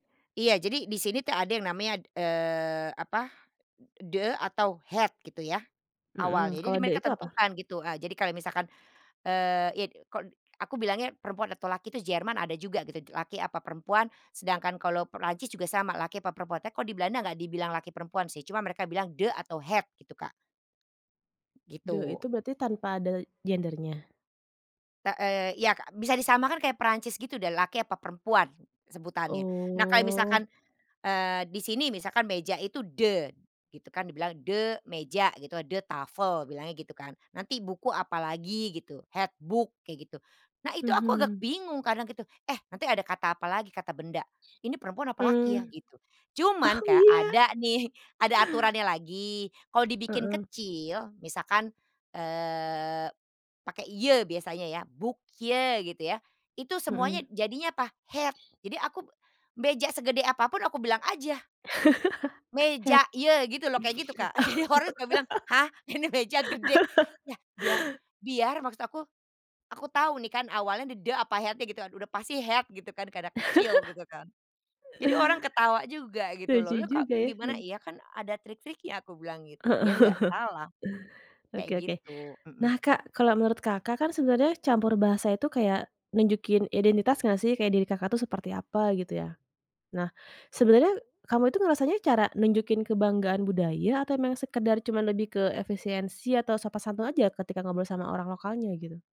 Iya, jadi di sini tuh ada yang namanya, d eee, apa, e "de", atau "het", gitu ya. Hmm. Awalnya, jadi Kalau "de" mereka itu apa? tentukan gitu, eee, jadi kalau misalkan, eee, yit kon aku bilangnya perempuan atau laki itu Jerman ada juga gitu, laki apa perempuan, sedangkan kalau Perancis juga sama, laki apa perempuan. Teko di Belanda nggak dibilang laki perempuan sih, cuma mereka bilang "de", atau "het", gitu, Kak. "De" Gitu. itu berarti tanpa ada gendernya? Ta eee, ya, Kak, bisa disamakan kayak Perancis gitu deh, laki apa perempuan se sebutannya. Nah, kalau Oh. misalkan, eee, di sini, misalkan, meja itu "de", gitu kan, dibilang de meja gitu, "de tafel", bilangnya gitu kan. Nanti buku apalagi, gitu. "het boek", kayak gitu. Nah, itu aku agak Mhm. bingung kadang gitu, eh nanti ada kata apalagi, kata benda, ini perempuan apa Mmm. laki ya? Gitu. Cuman, Oh, kayak ya? ada nih, ada aturannya lagi, kalau dibikin Heeh. kecil, misalkan, eee, pakai "je", biasanya ya. "Boekje", gitu ya. Itu Hmm. semuanya jadinya apa? Het. Jadi aku p meja segede apa pun aku bilang aja Het. "meja je," gitu loh, kayak gitu, Kak. Jadi orang suka bilang, "Hah, ini meja gede?" Yah biar biar maksud aku, aku tahu nih kan awalnya d "de", apa, "het-nya", gitu aduh. Udah pasti "het" gitu kan, karena kecil gitu kan. Jadi orang ketawa juga, gitu loh. Lucu "Loh loh kok juga ya. gimana? Mmm. Iya kan ada trik-triknya," aku bilang gitu. Heeh. Biar nggak salah, kayak Oke oke. gitu, Nah hmm. Kak, kalau menurut Kakak kan sebenarnya campur bahasa itu kayak nunjukin identitas nggak sih? Kayak diri Kakak tuh seperti apa, gitu ya. Nah, sebenarnya kamu itu ngerasanya cara nunjukin kebanggaan budaya atau emang sekadar cuma lebih ke efisiensi atau sopan santun aja, ketika ngobrol sama orang lokalnya, gitu?